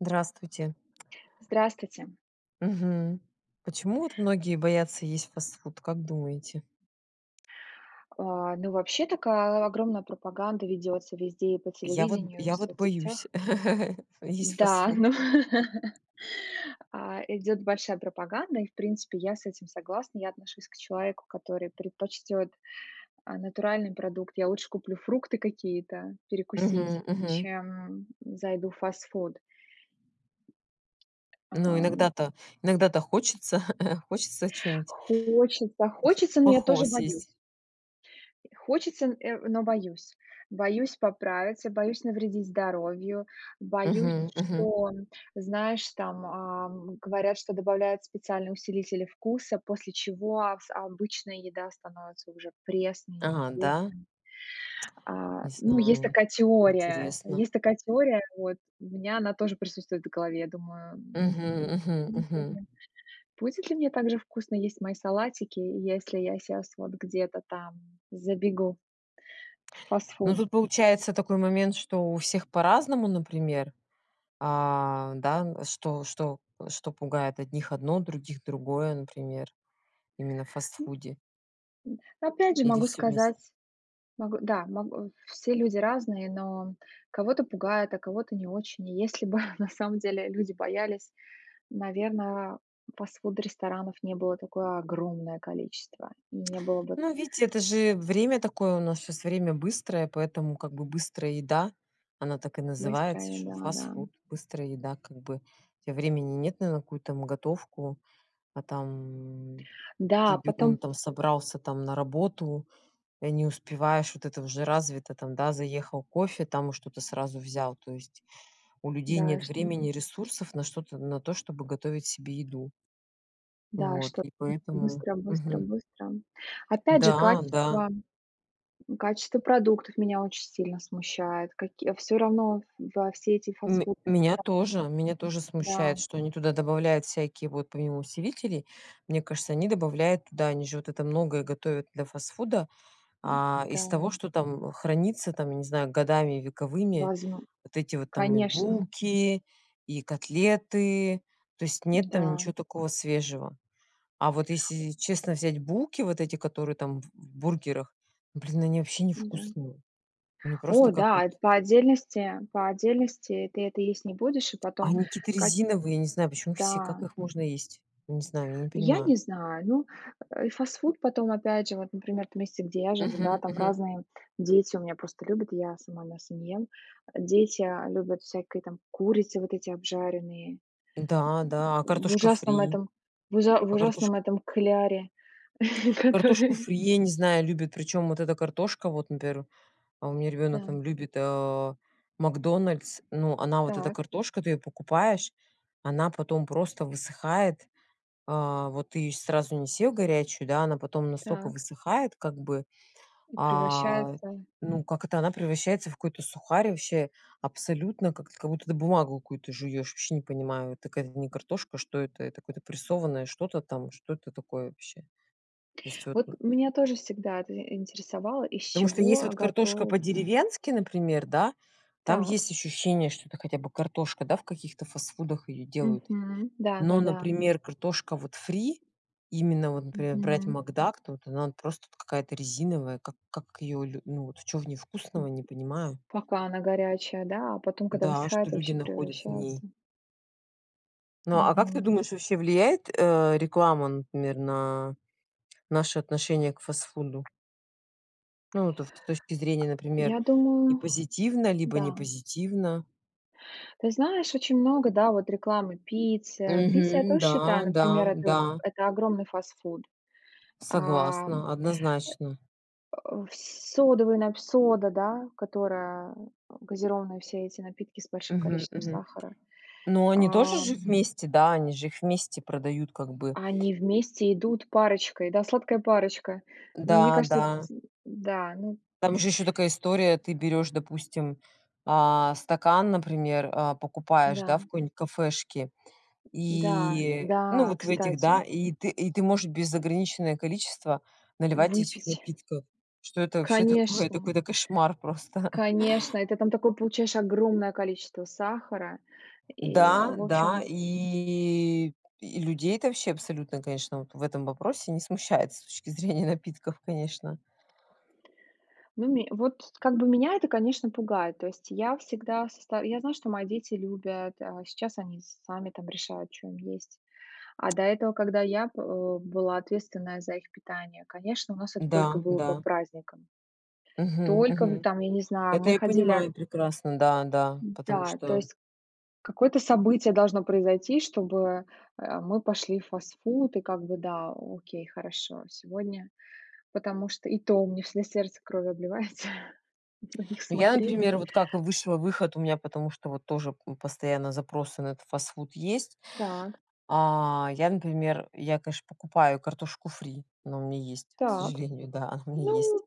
Здравствуйте. Здравствуйте. Мгм. Почему, вот, многие боятся есть фастфуд? Как думаете? А, ну вообще, такая огромная пропаганда ведётся везде: и по Я вот б телевидению, и в я вот боюсь соцсетях. есть Да. фастфуд. Ну. А, идёт большая пропаганда, и, в принципе, я с этим согласна. Я отношусь к человеку, который предпочтёт, а, натуральный продукт. Я лучше куплю фрукты какие-то перекусить, Мгм, мгм. чем, м, зайду в фастфуд. Ну, Ам. иногда-то иногда-то хочется, хочется, хочется чё-нибудь, Хочется, хочется, но я плохого тоже боюсь! съесть. И хочется, н э, но боюсь. Боюсь поправиться, боюсь навредить здоровью, боюсь, Мгм, мгм. что, м, знаешь, там, а, м, говорят, что добавляют специальные усилители вкуса, после чего с обычная еда становится уже пресной, А, да? невкусной. Не А, ну, есть знаю, такая теория, интересно. есть такая теория, вот. У меня она тоже присутствует в голове. Я думаю, Мгм, м, мгм, мгм. [unintelligible] будет ли мне так же вкусно есть мои салатики, если я щас вот где-то там забегу в Ну, фастфуд? тут получается такой момент, что у всех по-разному, например. А, да, н что что что пугает одних одно, других другое, например. Именно в М, м, фастфуде. опять же Или могу всё вместе? сказать Могу, да, могу, все люди разные, но, м, кого-то пугает, а кого-то не очень. И если бы на самом деле люди боялись, наверно, фастфуд-ресторанов не было такое огромное количество, и не было бы Ну, видите, это же время такое. У нас щас время быстрое, поэтому как бы быстрая еда, она так и Быстрая называется, что еда. Да-м. фастфуд, быстрая еда, как бы. У тебя времени нет на какую там готовку, а там ты Да. бегом Потом там собрался там на работу, и не успеваешь, вот это уже развито там, да, заехал, кофе там и что-то сразу взял, то есть у людей Да, нет что времени, ресурсов на что-то, на то, чтобы готовить себе еду. Да. Вот, Чтобы и поэтому. быстро быстро Мгм. быстро. Опять же, Да, да. качество качество продуктов меня очень сильно смущает, каки всё равно во все эти Ме фастфуды. меня тоже, меня тоже [unintelligible] смущает, Да. что они туда добавляют всякие вот помимо усилителей, мне кажется, они добавляют туда, они же вот это многое готовят для фастфуда, а, из того, Да. что там, э, хранится там, я не знаю, годами вековыми, Возм вот эти вот там и конечно. булки, и котлеты. То есть нет там Да. ничё такого свежего. А вот если честно взять булки, вот эти, которые там в б в бургерах, блин, они вообще не Да. вкусные. Они просто О как да, вот это по отдельности, по отдельности ты это есть не будешь, а потом Они какие-то как резиновые. Не знаю, почему все. Как да. их можно есть? Я не знаю. Я не Я понимаю. не знаю. Ну, э, фастфуд потом опять же вот, например, в том месте, где я живу, Мгм, да, там мгм. разные, м, дети у меня просто любят, я сама мясо не ем, дети, а, любят всякие там курицы вот эти обжаренные. Да, да, а В картошка ужасном фри? этом, в ужа в А ужасном картошка этом кляре. Картошку Который фри, я не знаю, любят, причём вот эта картошка, вот, например, а, у меня ребёнок Да. там любит, а, "МакДональдс", ну, она вот эта Так. картошка, ты её покупаешь, она потом просто высыхает. А, вот ты её сразу не съел горячую, да, она потом настолько Так. высыхает как бы, И а, превращается ну как это, она превращается в какой-то сухарь, вообще абсолютно как эт как будто бумагу какую-то жуешь, вообще не понимаю, это какая-то не картошка, а что это, это какое-то прессованное что-то там, что это такое вообще? То есть вот, Вот ну. меня тоже всегда это ин интересовало, из Потому что есть чего вот картошка готовится. по-деревенски, например, да, там Так. есть ощущение, что это хотя бы картошка, да, в каких-то фастфудах её делают. Мгм. Но, Да-да-да. например, картошка вот фри, именно вот, например, брать Мгм. макдак, то вот она, ну, просто вот какая-то резиновая, как как её лю ну вот чё в ней вкусного, не понимаю. Пока она горячая, да, а потом, когда Да. А что высыхает, люди вообще находят в ней? превращается Ну а как ты Мгм. думаешь, вообще влияет, э, реклама, например, на наше отношение к фастфуду? Ну вот ст с точки зрения, например, Я и думаю, позитивно либо да. не позитивно? Ты знаешь, очень много, да, вот, рекламы Пицца. Пицца, я Мгм, тоже да считаю, например, да это да. это огромный фастфуд. А, э, Согласна, однозначно. в содовая нап сода, да, которая газированные все эти напитки с большим Мгм, количеством мгм. сахара. Ну они тоже же Ам вместе, да, они же их вместе продают как бы. А они вместе идут парочкой, да, сладкая парочка. Мне Да кажется эта да. ц да ну Там же ещё такая история, ты берёшь, допустим, а, стакан, например, а, покупаешь, да, в Да. какой-нибудь кафешке. Да, И ну да, вот в этих, да, кстати. и ты и ты можешь неограниченное количество наливать этих Выпить. напитков. Что это вообще такое? Это Конечно. какой-то кошмар просто. Конечно. И ты там такое получаешь огромное количество сахара и Да в да. общем И и людей это вообще абсолютно, конечно, вот в этом вопросе не смущает с точки зрения напитков, конечно. Ну ме вот как бы меня это, конечно, пугает, то есть я всегда соста я знаю, что мои дети любят, а сейчас они сами там решают, чё им есть. А до этого, когда я б э, была ответственная за их питание, конечно, у нас это только Да было по да. праздникам. Мгм, Только в мгм. там, я не знаю, Это мы я ходили понимаю прекрасно. Да да. Потому Да, то что есть какое-то событие должно произойти, чтобы, э, мы пошли в фастфуд и как бы, да, окей, хорошо, сегодня. Потому что и то у меня всегда сердце кровью обливается на них Ну я, смотреть. например, вот как и высшего выход у меня, потому что вот тоже, м, постоянно запросы на этот фастфуд есть. Так. А, я, например, я, конечно, покупаю картошку фри, она у меня есть, к Так. сожалению. Да, она у меня есть. Ну,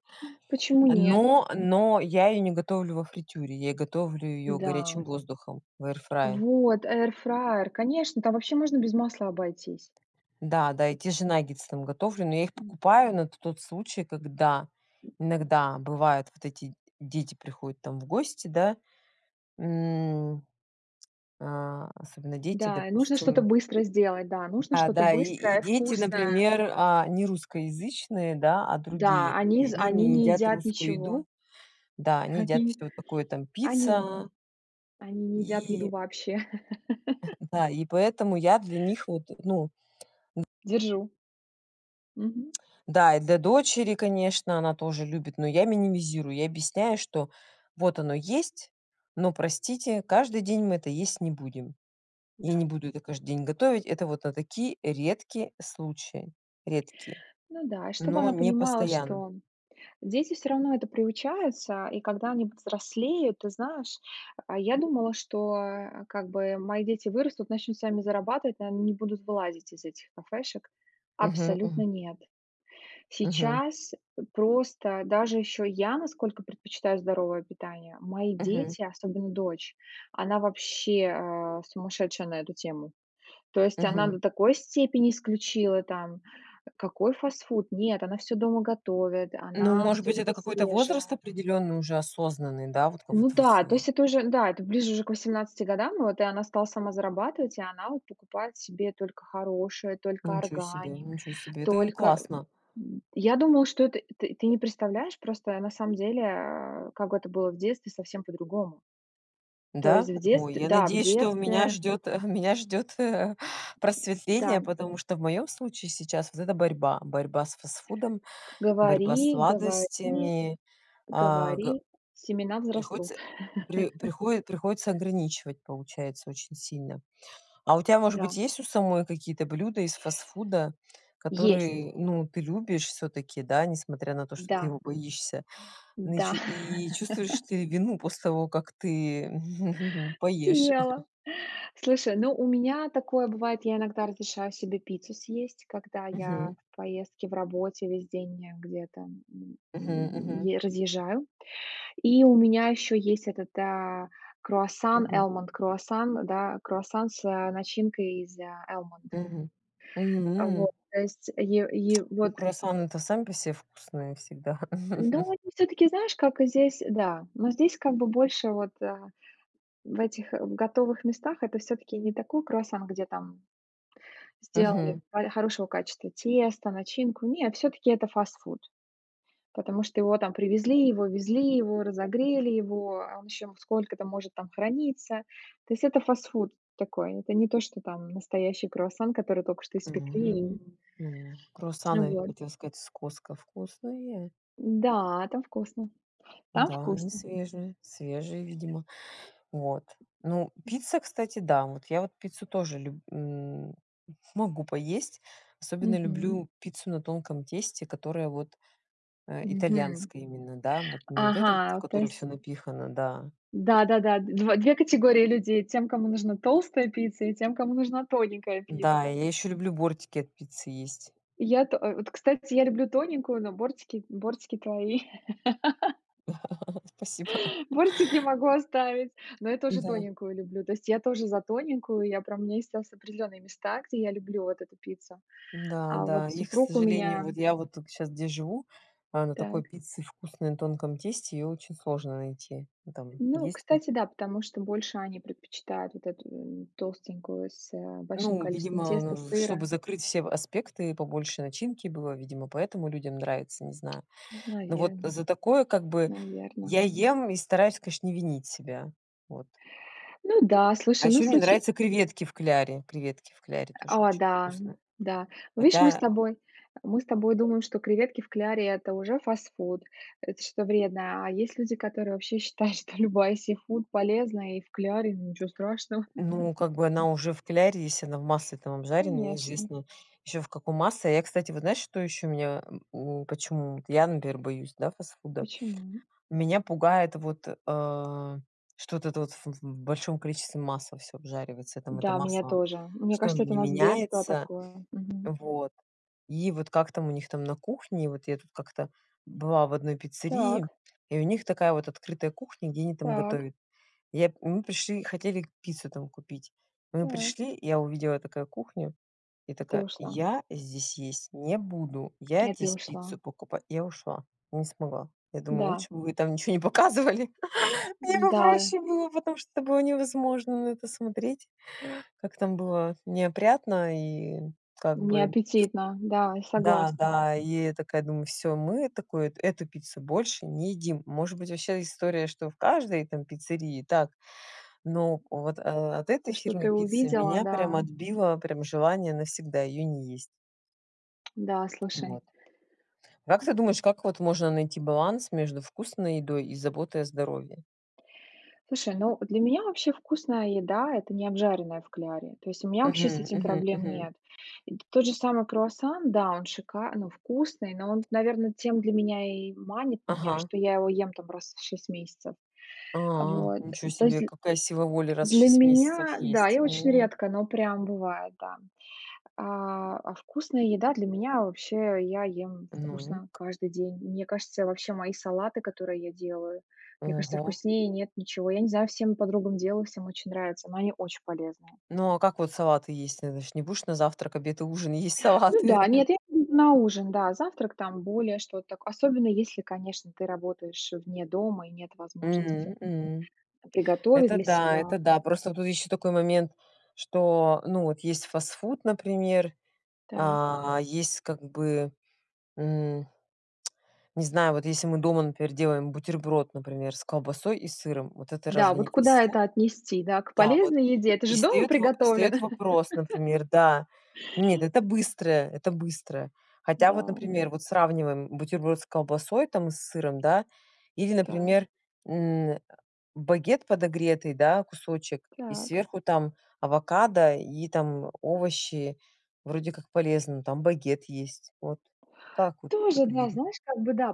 почему нет? Но, но я её не готовлю во фритюре, я готовлю её Да. горячим воздухом в эир фрае. Вот, Air Fryer. Конечно, там вообще можно без масла обойтись. Да-да, и те же наггетсы там готовлю, но я их М. покупаю на т тот случай, когда иногда бывает вот эти дети приходят там в гости, да, м, а особенно дети, Да, и нужно что-то допустим быстро сделать, да, нужно а, что-то да, и и быстрое и дети, вкусное. например, а, не русскоязычные, да, а другие. Да, они И з они они не не едят ееедят русскую ничего. еду. Да, они едят Они всё такое там они пицца они не едят и еду вообще. Да, и поэтому я для них вот ну н Держу. Мгм. Да, и для дочери, конечно, она тоже любит, но я минимизирую. Я объясняю, что вот оно есть, но простите каждый день мы это есть не будем. Я не Да. буду это каждый день готовить. Это вот на такие редкие случаи. Редкие. Ну да, и чтобы Но она не понимала, постоянно. что дети всё равно это приучаются и когда они повзрослеют, ты знаешь, а я думала, что, э, как бы мои дети вырастут, начнут сами зарабатывать, ну они не будут вылазить из этих кафешек. Мгм, Абсолютно мгм. нет. Мгм. Сейчас просто даже ещё я насколько предпочитаю здоровое питание. Мои Мгм. дети, особенно дочь, она вообще, э, сумасшедшая на эту тему. То есть она до Мгм. такой степени исключила там Какой фастфуд? Нет, она всё дома готовит, Ну, она может всё быть, это любит какой-то свежее. возраст определённый, уже осознанный, да? Вот ка вот Ну всв да, то есть это уже, да, это ближе уже к 18 годам, вот и она стала сама зарабатывать, и она вот покупает себе только хорошее, только Ничего себе! органик, Ничего себе, это только, классно. м я думала, что это ты не представляешь, просто на самом деле, э, как это было в детстве совсем по-другому. То Да? есть в Ой, детстве, я да, в надеюсь, что у меня детстве ждёт меня ждёт Да. просветление, потому что в моём случае сейчас вот эта борьба: борьба с фастфудом, борьба с Говори говори сладостями а, го говори- семена взрастут. приходится при прихои приходится ограничивать, получается, очень сильно. А у тя может быть Да. есть у самой какие-то блюда из фастфуда, Есть. которые ну ты любишь всё-таки, да, несмотря на то что ты Да. его боишься? Ну и Да. чу и чувствуешь ты вину после того как ты поешь? Съела. Слушай, ну, у меня такое бывает, я иногда разрешаю себе пиццу съесть, когда я Мгм. в поездке, в работе весь день где-то, м, Мгм, мгм. е разъезжаю. И у меня ещё есть этот, э, круассан, Мгм. almond круассан, да, круассан с, а, начинкой из almond. Мгм. М. Вот, то есть, е е Ну вот круассаны-то сами по се вкусные всегда. Ну, они всё-таки знаешь, как здесь Да, но здесь как бы больше вот, э, в этих готовых местах- это всё-таки не такой круассан, где там сделали Мгм. хо хорошего качества тесто, начинку. Нет, всё-таки- это фастфуд. Потому что его там привезли, его везли, его разогрели его а он ещё сколько-то может там храниться. То есть- это фастфуд такой. Это не то, что там настоящий круассан, который только что испекли и [unintelligible] Круассаны, Вот. хотела сказать, с Costco вкусные. Да, там вкусно. Там Да, они вкусно. свежие свежие видимо. Вот, ну пицца, кстати, да, вот я вот пиццу тоже люб м, могу поесть, особенно Мгм. люблю пиццу на тонком тесте, которая вот, э, Мгм. итальянская именно, да, не вот эта вот в Ага, то которой всё есть напихано, да. Да-да-да, 2, 2 категории людей: тем, кому нужна толстая пицца и тем, кому нужна тоненькая Да, пицца. и я ещё люблю бортики от пиццы есть. Я то э, вот, кстати, я люблю тоненькую, но бортики, бортики твои. Спасибо. Бортики могу оставить, но я тоже Да. тоненькую люблю, то есть я тоже за тоненькую, я прям у меня есть ос определённые места, где я люблю вот эту пиццу. Да А да вот и, к супруг у сожалению, меня вот я вот тут щас где живу, а, на такой Так. пицце вкусной на тонком тесте её очень сложно найти. Там Ну, есть м кстати, да, потому что больше они предпочитают вот эту, э, толстенькую с, э, большим Ну количеством видимо, теста, ну чтобы сыра. закрыть все в аспекты и побольше начинки было, видимо поэтому людям нравится, не знаю. Ну Но вот наверно. за такое как бы Наверно. я ем и стараюсь, конечно, не винить себя. Вот. Ну да, А слушай, ну ещё мне случи нравятся креветки в кляре. Креветки в кляре тоже А, очень да. вкусные. Да. Ну видишь, мы с Хотя тобой мы с тобой думаем, что креветки в кляре- это уже фастфуд, это что-то вредное. А есть люди, которые вообще считают, что любая сифуд полезная и в кляре, ну ничего страшного. Ну как бы она уже в кляре, если она в масле там обжаренная, Конечно. неизвестно ещё в каком масле. А я, кстати, вот знаешь, что ещё меня, э, у почему я, например, боюсь, да, фастфуда? Почему? Меня пугает вот, а, что вот это вот ф в большом количестве масла всё обжаривается. Там это Да, меня масло, тоже. Мне что кажется, оно это у не нас детство меняется, такое, мгм. вот. И вот как там у них там на кухне, вот я тут как-то была в одной пиццерии, Так. и у них такая вот открытая кухня, где они там Так. готовят. И я и мы пришли и хотели пиццу там купить. Мы Так. пришли, я увидела такая кухню и И ты такая: ушла. "Я здесь есть не буду, я И ты здесь пиццу ушла. покупа" Я ушла, не смогла. Я думаю Да. лучше бы вы там ничего не показывали. Мне бы М-да. проще было, потому что это было невозможно на это смотреть. Как там было неопрятно и как бы Неаппетитно, да, я Да согласна. да и я такая думаю: "Всё, мы, э, такую эту пиццу больше не едим". Может быть вообще история, что в каждой там пиццерии так, но вот, э, от этой То, что фирмы ты пиццы увидела, меня прям да. отбило прям желание навсегда её не есть. Да, слушай. Вот. А как ты думаешь, как вот можно найти баланс между вкусной едой и заботой о здоровье? Слушай, ну для меня вообще вкусная еда- это не обжаренная в кляре. То есть у меня вообще с Мгм, этим мгм, проблем мгм. нет. И т тот же самый круассан, да, он шика ну вкусный, но он, наверно, тем для меня и манит меня, Ага. что я его ем там раз в 6 месяцев. А, Вот, ничего то есть себе, дл какая сила воли раз в для 6 месяцев меня Да, есть, и очень о. редко, но прям бывает, да, а, а вкусная еда для меня вообще я ем Ну вкусно каждый день. Мне кажется, вообще мои салаты, которые я делаю, мне кажется, Ого. вкуснее нет ничего. Я не знаю, всем подругам делаю, всем очень нравится, но они очень полезные. Ну а как вот салаты есть? Ты знаешь, не будешь на завтрак, обед и ужин есть Ну салаты. да. Нет, я их на ужин, да. Завтрак там более что-то так особенно если, конечно, ты работаешь вне дома и нет возможности М м. приготовить Это для да себя. это да. Просто вот тут ещё такой момент, что ну вот есть фастфуд, например, Так. а есть как бы м Не знаю, вот если мы дома, например, делаем бутерброд, например, с колбасой и сыром, вот это Да, разве не вот куда фастфуд? это отнести, да, к Да, вот. полезной еде? Это И же дома встаёт во встаёт приготовлено. вопрос, например, да нет, это быстрое это быстрое. Хотя вот, Да. например, вот сравниваем бутерброд с колбасой там и с сыром, да, или Так. например, м, багет подогретый, да, кусочек и Так. сверху там авокадо и там овощи. Вроде как полезно, там багет есть, вот как вот Тоже, да, определить? знаешь, как бы да,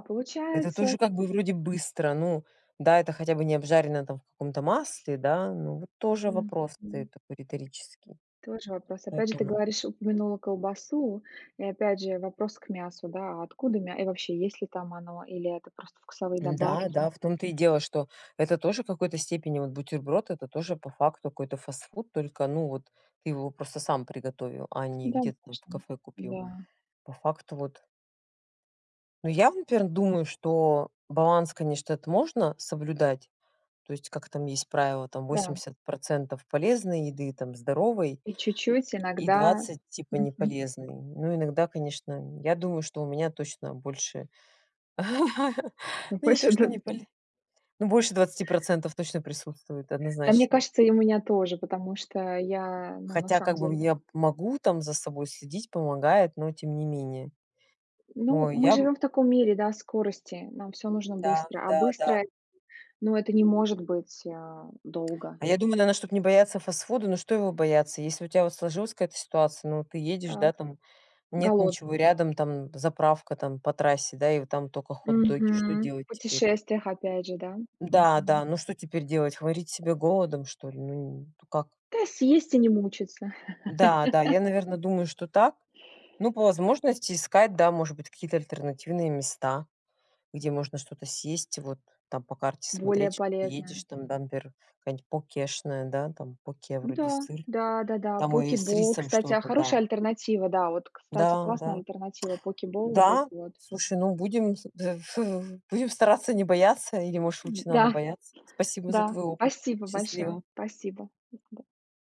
Это получается тоже как бы вроде быстро. Ну да, это хотя бы не обжарено там в каком-то масле, да. Ну вот тоже вопрос Мгм. встает такой риторический. Тоже вопрос. Опять же, ты Поэтому говоришь, упомянула колбасу и опять же, вопрос к мясу, да, откуда мя и вообще, есть ли там оно или это просто вкусовые Да да, добавки? в том то и дело, что это тоже в какой-то степени вот бутерброд, это тоже по факту какой-то фастфуд, только ну вот ты его просто сам приготовил, а не где-то там в Домашний, кафе купил. да. По факту вот Ну я вот, например, думаю, что баланс, конечно, это можно соблюдать. То есть как там есть правило- там Да. 80 процентов полезной еды там, здоровой И чуть-чуть и и иногда 20 типа не мгм. полезной. Но иногда, конечно, я думаю, что у меня точно больше Но ну не то больше что да не поле ну больше 20 % точно присутствует, Да, мне однозначно. кажется, и у меня тоже, потому что я ну на Хотя, самом как бы, деле я п могу там за собой следить, помогает, но тем не менее. Ну, Ой, мы я м живём в таком мире, да, скорости. Нам всё нужно Да быстро, а да да. быстро ну- это не может быть, а, долго. А я думаю, наверно, чтобы не бояться фастфуда ну что его бояться? Если у тя вот сложилась какая-то ситуация, ну ты едешь, Так. да, там, нет Голод ничего рядом, там заправка там по трассе, да, и вот там тока хот-доги, что Мгм. делать В теперь? путешествиях опять же, да. Да Мгм. да, ну что теперь делать? Х морить себя голодом что ли? Ну не, н как? Да, съесть и не мучиться. Да, да, я наверно думаю что так, ну, по возможности, искать, да, может быть какие-то альтернативные места, где можно что-то съесть, вот там по карте Более смотреть что ты едешь полезная. там, да, например, какая-нибудь покешная, да, там поке, Да вроде сыр да да да, там о и Poke с Bowl. рисом Кстати, а, что-то, да. хорошая альтернатива, да, вот кстати, Да классная да. альтернатива- Poke Bowl вот эти Да. вот. Слушай, ну будем с в ф будем стараться не бояться или может лучше надо Да, боятся? Спасибо за да, твой опыт. спасибо большое. Счастливо. Спасибо, [unintelligible] да.